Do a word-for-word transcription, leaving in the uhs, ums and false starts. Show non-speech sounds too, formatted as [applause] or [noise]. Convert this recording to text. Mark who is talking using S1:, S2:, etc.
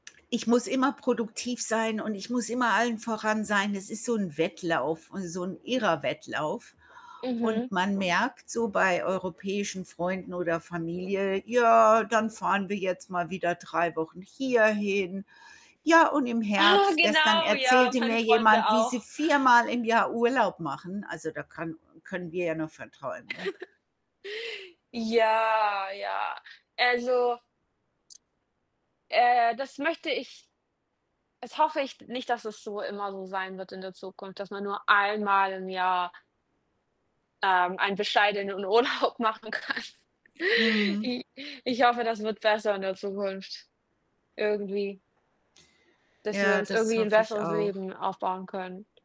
S1: Ich muss immer produktiv sein und ich muss immer allen voran sein. Es ist so 'n Wettlauf, äh, so 'n irrer Wettlauf. Und
S2: Mhm.
S1: man merkt so bei europäischen Freunden oder Familie: „Ja, dann fahren wir jetzt mal wieder drei Wochen hierhin. Ja, und im
S2: Ah,
S1: Herbst“ gestern
S2: genau, ja,
S1: erzählte
S2: meine
S1: mir
S2: Freunde
S1: jemand, wie sie
S2: auch.
S1: viermal im Jahr Urlaub machen. Also, da kann können wir ja nur von träumen, ne?
S2: [chuckles] Ja, ja. Also äh, das möchte ich das hoffe ich nicht, dass es so immer so sein wird in der Zukunft, dass man nur einmal im Jahr ähm, einen bescheidenen Urlaub machen kann.
S1: Mhm.
S2: I ich hoffe, das wird besser in der Zukunft, irgendwie dass wir
S1: Ja,
S2: uns
S1: das
S2: irgendwie 'n
S1: hoffe ich
S2: besseres
S1: auch.
S2: Leben aufbauen können.